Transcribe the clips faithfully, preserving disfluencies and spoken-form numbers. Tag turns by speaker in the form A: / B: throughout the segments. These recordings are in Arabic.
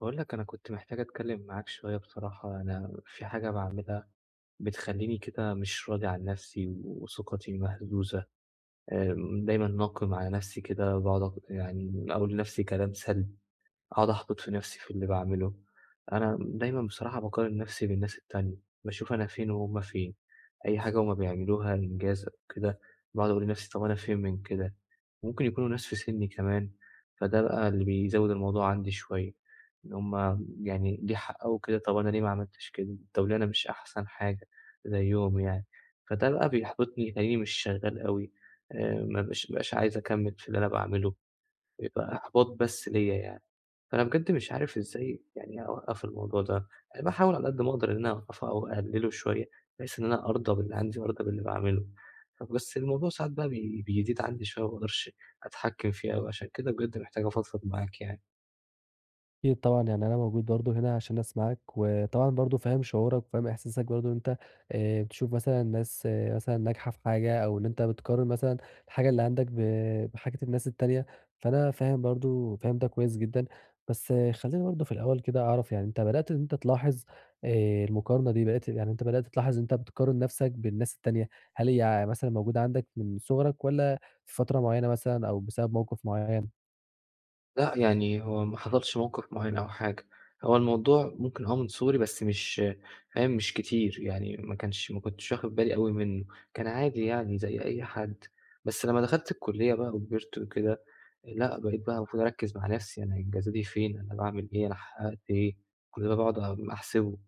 A: باقول لك، أنا كنت محتاج أتكلّم معاك شوية بصراحة، أنا في حاجة باعملها بتخلّيني كده مش راضي عن نَفسي وثقتي مهزوزة آآ، دايمًا ناقم على نَفسي كده وباقُعد أ يعني أقول لنفسي كلام سلْب، أقعُد أحبِط في نَفسي في اللي باعمله، أنا دايمًا بصراحة باقارن نَفسي بالناس التانية، باشوف أنا فين وهُم فين، أي حاجة هُم بيعملوها، إنجاز أو كده باقعُد أقول لنفسي طَب أنا فين من كده؟ ممكن يكونوا ناس في سني كمان فده بقى اللي بيزوّد الموضوع عندي شوية، إن هُم يعني ليه حققوا أو كده طبعًا أنا ليه ما عملتش كده، طَب ليه أنا مش أحسَن حاجة زيّهم يعني، فده بقى بيحبِطني، تلاقيني مش شغّال أوي آآ، ما بابقاش مش عايز أكمِّل في اللي أنا باعمله يبقى إحباط بس ليَّ يعني، فأنا بجد مش عارف إزاي يعني أوقّف الموضوع ده، باحاول على قد ما أقدَر إن أنا أوقّفه أو أقلّله شوية بحيث إن أنا أرضى باللي عندي وأرضى باللي باعمله، فبس الموضوع ساعات بقى بي بيزيد عندي شوية، ما باقدَرش أتحكّم فيه أوي عشان كده بجد محتاج أفضفض معاك يعني.
B: أكيد طبعًا، يعني أنا موجود برضه هنا عشان أسمَعك وطبعًا برضه فاهم شعورك وفاهم إحساسك برضه إن أنت آآ تشوف مثلًا ناس مثلًا ناجحة في حاجة أو إن أنت بتقارِن مثلًا الحاجة اللي عندك ب بحاجة الناس التانية، فأنا فاهم برضه، فاهم ده كويس جدًا. بس خلّيني برضه في الأول كده أعرَف يعني أنت بدأت إن أنت تلاحظ آآ المقارنة دي بدأت يعني بدأت تلاحظ إن أنت بتقارِن نَفسك بالناس التانية. هل هي مثلًا موجودة عندك من صغرك والّا في فترة مُعيّنة مثلًا أو بسبب موقف مُعيّن؟
A: لأ يعني هو ما حصلش موقف مُعيّن أو حاجة، هو الموضوع ممكن هو من صغري بس مش فاهم مش كتير، يعني ما كانش ما كنتش واخد بالي أوي منه، كان عادي يعني زي أي حد، بس لمّا دخلت الكلية بقى وكبرت وكده، لأ بقيت بقى المفروض أركز مع نفْسي، يعني انجازاتي فين؟ أنا باعمل إيه؟ أنا حققت إيه؟ كل ده باقعد أ أحسبه.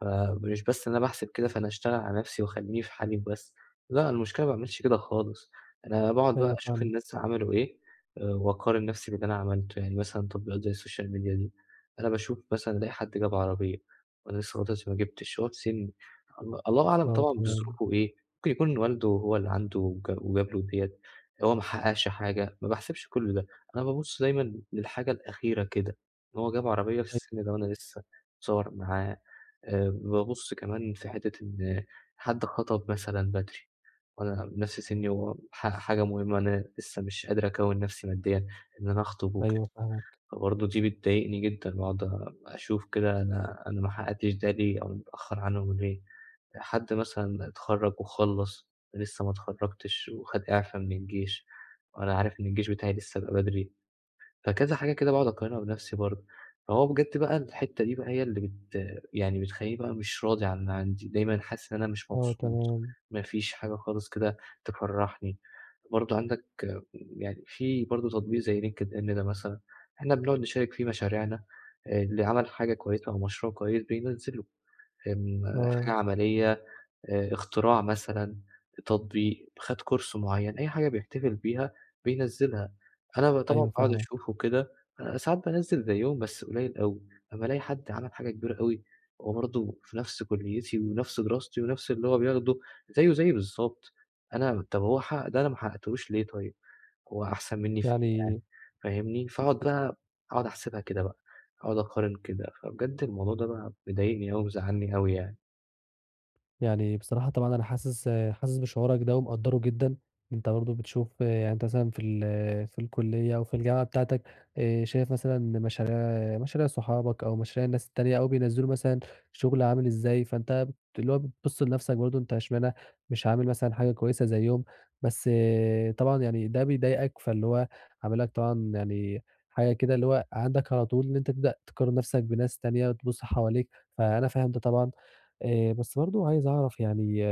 A: فمش بس أنا باحسب كده، فأنا أشتغل على نفْسي وأخليني في حالي وبس، لأ، المشكلة ما باعملش كده خالص، أنا باقعد بقى
B: أيوه
A: أشوف
B: فاهمك.
A: الناس عملوا إيه، وأقارن نفْسي باللي أنا عملته، يعني مثلًا تطبيقات زي الSocial Media دي، أنا باشوف مثلًا ألاقي حد جاب عربية وأنا لسه [unintelligible] ما جبتش، وهو في سني، ال الله أعلم
B: آه
A: طبعًا
B: تمام.
A: بظروفه ايه، ممكن يكون والده هو اللي عنده امك وجاب له ديّة، هو ما حققش حاجة، ما باحسبش كل ده، أنا بابُص دايمًا للحاجة الأخيرة كده، إن هو جاب عربية في السن ده و أنا
B: [unintelligible]
A: لسه، اتصور معاها آآ بابُص كمان في حِتّة إن حد خطب مثلًا بدري، وأنا بنفْس سني، وح حاجة مهمة أنا لسه مش قادر أكوّن نفْسي ماديًا، إن أنا أخطب وكده،
B: أيوه فاهمك.
A: فبرضه دي بتضايقني جدًا وأقعد أ أشوف كده أنا أنا ما حققتش ده ليه؟ أو متأخر عنهم ليه؟ حد مثلًا اتخرج وخَلّص، وأنا لسه ما اتخرجتش، وخد إعفا من الجيش وأنا عارف إن الجيش بتاعي لسه ب بدري. فكذا حاجة كده باقعد أقارنها بنفْسي برضه، فهو بجد بقى الحِتّة دي بقى هي اللي بت يعني بتخليني بقى مش راضي عن اللي عندي، دايمًا حاسس إن أنا مش
B: آه
A: مبسوط،
B: تمام.
A: ما فيش حاجة خالص كده تفرحني، برضه عندك يعني، في برضه تطبيق زي linkedin ده مثلًا، إحنا بنقعد نشارك فيه مشاريعنا، اللي عمل حاجة كويسة أو مشروع كويس بينزله، آمم، حاجة
B: آه.
A: عملية، آآ اختراع مثلًا، تطبيق، خد Course مُعيّن، أي حاجة بيحتفل بيها بينزلها، أنا بقى طبعًا
B: أيوه
A: باقعد
B: فاهمك.
A: أشوفه وكده، ساعات بانزّل زيهم، بس قُليّل أوي، أمّا ألاقي حد عمل حاجة كبيرة أوي، هو برضه في نفْس كليتي ونفْس دراستي ونفْس اللي هو بياخده، زيّه زيّي بالضبط، أنا طَب هو حقق ده، أنا ما حققتهوش ليه طيب؟ هو أحسن مني في إيه يعني؟
B: يعني
A: فاهمني، فأقعد
B: [unintelligible]
A: بقى، أقعد أحسبها كده بقى أقعد أقارن كده. فبجد الموضوع ده بقى مضايقني أوي، مزعلني أوي يعني.
B: يعني بصراحة طبعًا أنا حاسس حاسس بشعورك ده ومقدره جدًا، أنت برضه بتشوف يعني أنت مثلًا في ال في الكلية أو في الجامعة بتاعتك آآ، شايف مثلًا مشاريع مشاريع صحابك أو مشاريع الناس التانية أو بينزلوا مثلًا شغل عامل إزاي، فأنت اللي هو بتبص لنفسك برضه أنت اشمعنى مش عامل مثلًا حاجة كويسة زيهم، بس طبعًا يعني ده بيضايقك فاللي هو عامل لك طبعًا يعني حاجة كده اللي هو عندك على طول إن أنت تبدأ تقارن نفسك بناس تانية، وتبص حواليك، فأنا فاهم ده طبعًا آآ، بس برضه عايز أعرف يعني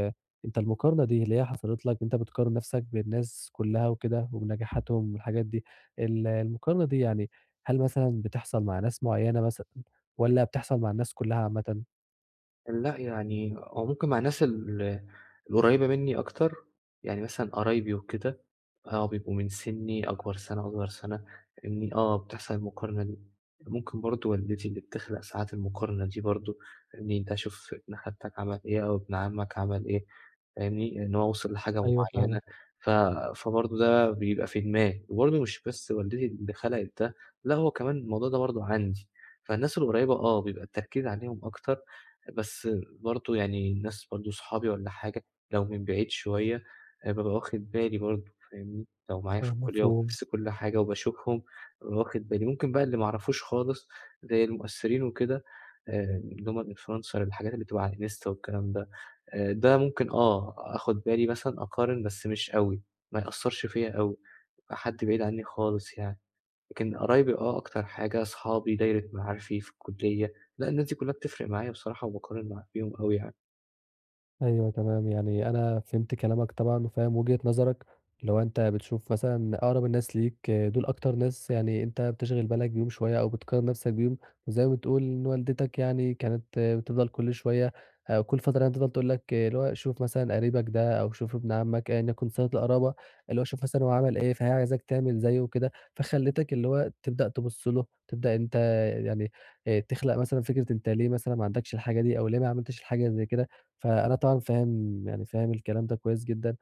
B: أنت المقارنة دي اللي هي حصلت لك أنت بتقارن نفسك بالناس كلها وكده وبنجاحاتهم والحاجات دي، ال المقارنة دي يعني هل مثلًا بتحصل مع ناس مُعيّنة مثلًا والّا بتحصل مع الناس كلها عامةً؟
A: لأ يعني هو ممكن مع ناس ال القريبة مني أكتر، يعني مثلًا قرايبي وكده آه بيبقوا من سني أكبر سنة أصغر سنة، إني آه بتحصل المقارنة دي، ممكن برضه والدتي اللي بتخلق ساعات المقارنة دي برضه مين ده شُوف ابن خالتك عمل إيه أو ابن عمك عمل إيه، فاهمني، إن هو وصل لحاجة
B: أيوه
A: مُعيّنة
B: فاهمك.
A: ف فبرضه ده بيبقى في دماغي وبرضه مش بس والدتي اللي خلقت ده لا هو كمان الموضوع ده برضه عندي، فالناس القريبة آه بيبقى التركيز عليهم أكتر بس برضه يعني الناس برضه صحابي والّا حاجة لو من بعيد شوية هابقى ب واخد بالي برضه فاهمني، لو معايا في
B: آه،
A: الكلية وفي
B: مفهوم.
A: نفس كل حاجة وباشوفهم واخد بالي، ممكن بقى اللي ما اعرفوش خالص زي المؤثرين وكده. آآ اللي هُم بيبقوا influencer الحاجات اللي بتبقى على الإنستا والكلام ده، آآ، ده ممكن آه آخد بالي مثلًا أقارن بس مش أوي ما يأثّرش فيَّ أوي حد بعيد عني خالص يعني، لكن قرايبي آه أكتر حاجة أصحابي دايرة معارفي في الكلية لأ الناس كلها بتفرق معايا بصراحة، وباقارن مع بيهم أوي يعني.
B: أيوه، تمام، يعني أنا فهمت كلامك طبعًا وفاهم وجهة نظرك اللي هو أنت بتشوف مثلًا أقرب الناس ليك دُول أكتر ناس يعني أنت بتشغل بالك بيهم شوية أو بتقارن نَفْسك بيهم وزي ما بتقول إن والدتك يعني كانت بتفضل كل شوية ه كل فترة يعني تفضل تقول لك اللي هو "شوف مثلًا قريبك ده أو شوف ابن عمّك،" ايًا يَكُن صِلة القرابة اللي هو شوف مثلًا عمل إيه، فهي عايزاك تعمل زيّه وكده، فخلّتك اللي هو تبدأ تبُص له، تبدأ أنت يعني آآ تخلق مثلًا فكرة أنت ليه مثلًا ما عندكش الحاجة دي أو ليه ما عملتش الحاجة زي كده. فأنا طبعًا فاهم يعني فاهم الكلام ده كويس جدًا،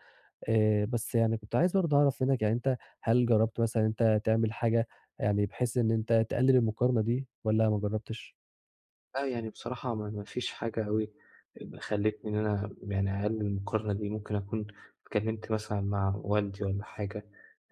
B: آآ بس يعني كنت عايز برضه أعرف منّك يعني أنت هل جرّبت مثلًا إن أنت تعمل حاجة يعني بحيث إن أنت تقلِّل المقارنة دي والّا ما جرّبتش؟
A: آه، يعني بصراحة ما ما فيش حاجة أوي اب خلّتني إن أنا يعني أقلِّل المقارنة دي ممكن أكون اتكلِّمت مثلًا مع والدي والّا حاجة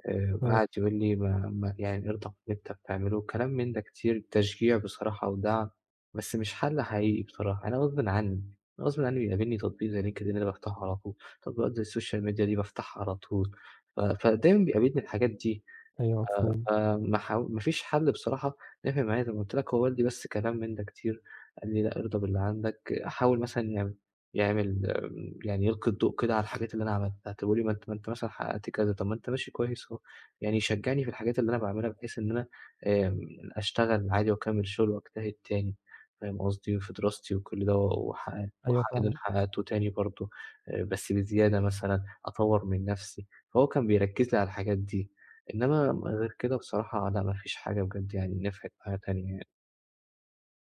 A: آآ
B: آه.
A: قعد يقول لي: "ما ما يعني ارضى باللي أنت بتعمله." كلام من ده كتير تشجيع بصراحة ودعم بس مش حَل حقيقي بصراحة أنا غصبٍ عنّي، أنا غصبٍ عنّي بيقابلني تطبيق زي LinkedIn ده بافتحه على طول، تطبيقات زي السوشيال ميديا دي بافتحها على طول ف فدايمًا بيقابلني الحاجات دي.
B: أيوه
A: آآ
B: مفهوم.
A: آآ ما ح ما فيش حَل بصراحة نفع معايا زي ما قُلت لك هو والدي بس كلام من ده كتير، قال لي: "لأ، أرضى باللي عندك." حاول مثلًا يع يعمل يعني يلقي الضوء كده على الحاجات اللي أنا عملتها طَب قُل لي ما أنت ما أنت مثلًا حقّقت كذا، طَب ما أنت ماشي كويس أهو. يعني يشجّعني في الحاجات اللي أنا باعملها بحيث إن أنا آمم أشتغل عادي وأكمِّل شُغل وأجتهد تاني فاهم قصدي، وفي دراستي وكل ده و وح
B: أيوه فاهمك.
A: [unintelligible] وتاني برضه، آآ بس بزيادة مثلًا أطوّر من نَفْسي، فهو كان بيركِّز لي على الحاجات دي، إنّما غير كده بصراحة أنا ما فيش حاجة بجد يعني نفعت معايا تانية يعني.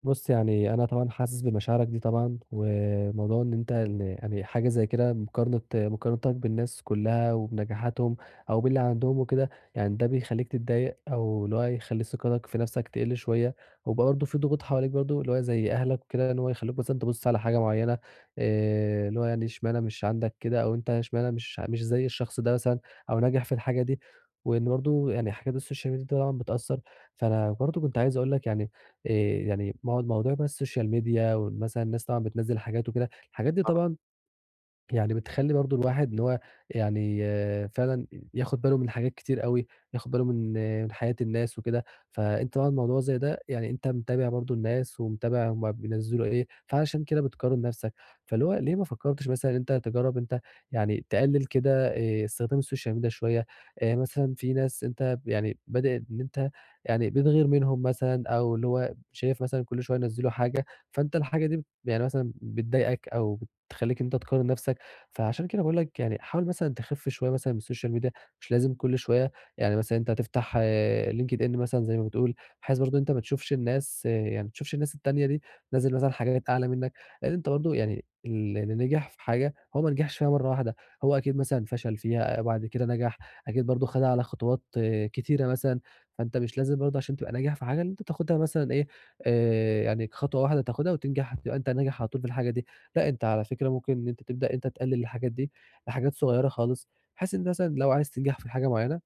B: بُصّ، يعني أنا طبعًا حاسس بمشاعرك دي طبعًا وموضوع إن أنت إن يعني حاجة زي كده مقارنة مقارنتك بالناس كلّها وبنجاحاتهم أو باللي عندهم وكده، يعني ده بيخلّيك تتضايق أو إن هو يخلّي ثقتك في نَفسك تقِلّ شوية، وبرضه في ضغوط حواليك برضه زي أهلك وكده إن هو يخلّوك مثلًا تبُصّ على حاجة معيّنة، آآ، اللي هو يعني اشمعنى مش عندك كده أو أنت اشمعنى مش مش زي الشخص ده مثلًا أو ناجح في الحاجة دي، وإن برضه يعني حاجات السوشيال ميديا طبعًا بتأثّر. فأنا برضه كنت عايز أقول لك يعني آآ، يعني مو موضوع بقى السوشيال ميديا ومثلًا الناس طبعًا بتنزِّل حاجات وكده، الحاجات دي
A: آه.
B: طبعًا يعني بتخلّي برضه الواحد إن هو يعني فعلًا ي ياخد باله من حاجات كتير أوي، ياخد باله من من حياة الناس وكده، فأنت بقى الموضوع زي ده يعني أنت متابع برضه الناس ومتابع هُم بينزّلوا إيه، فعشان كده بتقارن نَفسك، فاللي هو ليه ما فكّرتش مثلًا أنت تجرّب أنت يعني تقلّل كده آآ استخدام السوشيال ميديا شوية، آآ، مثلًا في ناس أنت ب يعني بدل إن أنت يعني بتغِير منهُم مثلًا أو اللي هو شايف مثلًا كل شوية ينزّلوا حاجة فأنت الحاجة دي بيعني مثلًا بتضايقك أو تخلّيك أنت تقارن نَفسك، فعشان كده باقول لك يعني حاول مثلًا تخِف شوية مثلًا من السوشيال ميديا مش لازم كل شوية، يعني مثلًا أنت تفتح LinkedIn مثلًا زي ما بتقول بحيث برضه أنت ما تشوفش الناس يعني ما تشوفش الناس التانية دي. بتنزّل مثلًا حاجات أعلى منك، لأن أنت برضه يعني اللي ن نجح في حاجة هو ما نجِحش فيها مرّة واحدة، هو أكيد مثلًا فشَل فيها وبعد كده نجح، أكيد برضه خَدها على خطوات كتيرة مثلًا، فأنت مش لازم برضه عشان تبقى ناجح في حاجة إن أنت تاخدها مثلًا إيه، آآ يعني كخطوة واحدة تاخدها وتنجح تبقى أنت ناجح على طول في الحاجة دي، لأ أنت على فكرة ممكن إن أنت تبدأ إن أنت تقلّل الحاجات دي لحاجات صغيرة خالص، بحيث إن مثلًا لو عايز تنجَح في حاجة معينة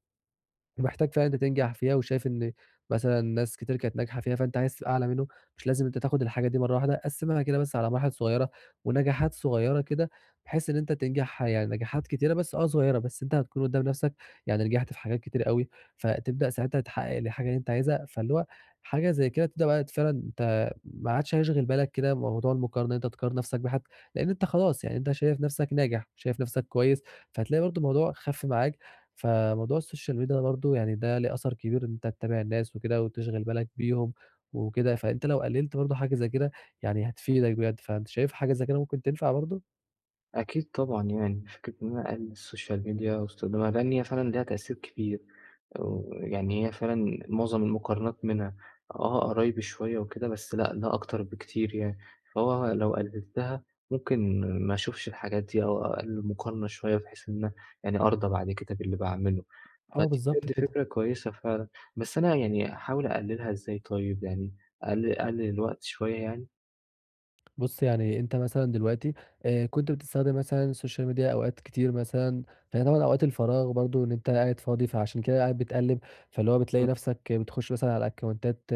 B: ومحتاج فعلًا إن أنت تنجَح فيها وشايف إن مثلًا ناس كتير كانت ناجحة فيها فأنت عايز تبقى أعلى منُّه، مش لازم أنت تاخد الحاجة دي مرّة واحدة، قسِّمها كده مثلًا على مراحل صغيّرة ونجاحات صغيّرة كده، بحيث إن أنت تنجَح يعني نجاحات كتيرة، بس آه صغيّرة بس أنت هتكُون قُدّام نَفسك يعني نجَحت في حاجات كتيرة أوي فتبدأ ساعتها تحقّق الحاجة اللي أنت عايزها، فاللي هو حاجة زي كده تبدأ بقى فعلًا ت ما عادش هيشغِل بالك كده موضوع المقارنة أنت تقارن نَفسك بحد، لأن أنت خلاص، يعني أنت شايف نَفسك ناجح، شايف نَفسك كويس، فهتلاقي برضه الموضوع خَف معاك. فموضوع السوشيال ميديا برضه يعني ده ليه أثَر كبير إن أنت تتابع الناس وكده وتشغِل بالك بيهم وكده، فأنت لو قلّلت برضه حاجة زي كده يعني هتفيدك بجد، فأنت شايف حاجة زي كده ممكن تنفَع برضه؟
A: أكيد طبعًا يعني، فكرة إن أنا أقلِّل السوشيال ميديا واستخدامها، لإن هي فعلًا ليها تأثير كبير و يعني هي فعلًا معظم المقارنات منها، آه، قرايبي شوية وكده، بس لأ ده أكتر بكتير يعني، فهو لو قلِّلتها ممكن ما أشوفش الحاجات دي أو أقلِّل المقارنة شوية بحيث إن يعني أرضى بعد كده باللي باعمله.
B: آه،
A: فدي
B: بالضبط
A: بجد
B: كده.
A: فكرة كويسة فعلًا، بس أنا يعني أحاول أقلِّلها إزاي طيب يعني أقلِّل أقلِّل الوقت شوية يعني؟
B: بُص، يعني أنت مثلًا دلوقتي آآ، كنت بتستخدم مثلًا السوشيال ميديا أوقات كتير مثلًا فهي طبعًا أوقات الفراغ برضه إن أنت قاعد فاضي فعشان كده قاعد بتقلِّب، فاللي هو بتلاقي
A: إمم.
B: نَفْسك بتخُش مثلًا على أكاونتات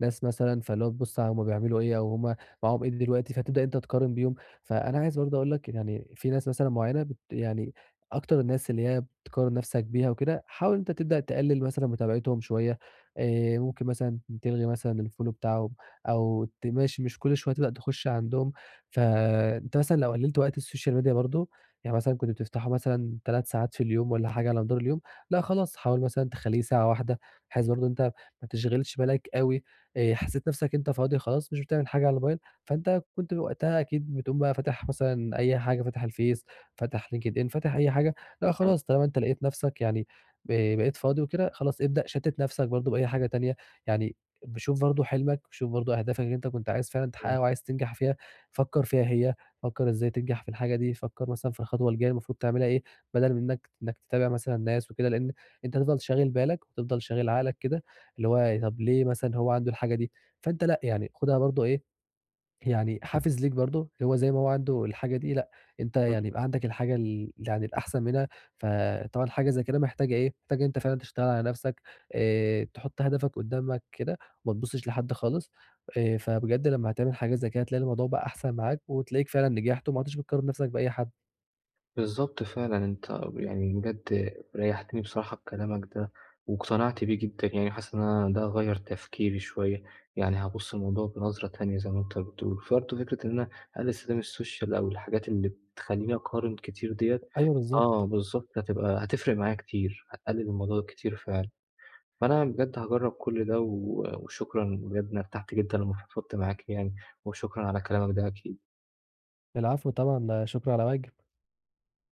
B: ناس مثلًا فاللي هو تبُص علي هم بيعملوا إيه أو هم معاهم إيه دلوقتي، فتبدأ إن أنت تقارن بيهم. فأنا عايز برضه أقول لك يعني في ناس مثلًا معيّنة بت يعني أكتر الناس اللي هي بتقارن نَفْسك بيها وكده، حاول إن أنت تبدأ تقلِّل مثلًا متابعتهم شوية آآ، ممكن مثلًا تلغي مثلًا الfollow بتاعهم أو ت ماش مش كل شويه تبقى تخُش عندهم. فأنت مثلًا لو قلِّلت وقت السوشال ميديا برضه يعني مثلًا كنت بتفتحه مثلًا تلات ساعات في اليوم والّا حاجة على مدار اليوم، لأ خلاص حاول مثلًا تخلّيه ساعة واحدة بحيث برضه إن أنت ما تشغلش بالك أوي، آآ، حسّيت نَفْسك إن أنت فاضي خلاص مش بتعمل حاجة على الموبايل، فأنت كنت وقتها أكيد بتقوم بقى فاتح مثلًا أي حاجة فاتح الفيس، فاتح LinkedIn، فاتح أي حاجة، لأ
A: آه.
B: خلاص طالما أنت لقيت نَفْسك يعني ب بقيت فاضي وكده، خلاص ابدأ شتِّت نَفْسك برضه بأي حاجة تانية. يعني ابقي شوف برضه حلمك، شوف برضه أهدافك اللي أنت كنت عايز فعلًا
A: إمم.
B: تحقّقها وعايز تنجح فيها فكّر فيها هي، فكّر إزاي تنجح في الحاجة دي، فكّر مثلًا في الخطوة الجاية المفروض تعملها إيه بَدَل من إنّك إنّك تتابع مثلًا ناس وكده لإن أنت هتفضل شاغل بالك وهتفضل شاغل عقلك كده اللي هو طَب ليه مثلًا هو عنده الحاجة دي؟ فأنت لأ، يعني خدها برضه إيه، يعني حافز ليك برضه اللي هو زي ما هو عنده الحاجة دي لأ، أنت
A: إمم.
B: يعني يبقى عندك الحاجة ال يعني الأحسن منها، فطبعًا حاجة زي كده محتاجة إيه؟ محتاجة إن أنت فعلًا تشتغل على نَفْسك، آآ، تحط هدفك قُدّامك كده وما تبُصّش لحد خالص، آآ، فبجد لمّا هتعمل حاجة زي كده هتلاقي الموضوع بقى أحسن معاك وتلاقيك فعلًا نجحت وما عدتش بتقارن نَفْسك بأي حد.
A: بالضبط فعلًا، أنت ب يعني بجد ريّحتني بصراحة بكلامك ده واقتنعت بيه جدًا، يعني حاسس إن ده غيّر تفكيري شوية، يعني هابُص للموضوع بنظرة تانية زي ما أنت بتقول. فرضه فكرة إن أنا أقلِّل استخدام السوشيال أو الحاجات اللي بتخلّيني أقارن كتير ديّة
B: أيوه
A: آه
B: بالضبط.
A: بالضبط، هتبقى هتفرق معايا كتير، هتقلِّل الموضوع كتير فعلًا. فأنا بجد هاجرّب كل ده و وشكرًا بجد أنا ارتحت جدًا لمّا فضفضت معاك يعني، وشكرًا على كلامك ده أكيد.
B: العفو طبعًا، لا شُكر على واجب.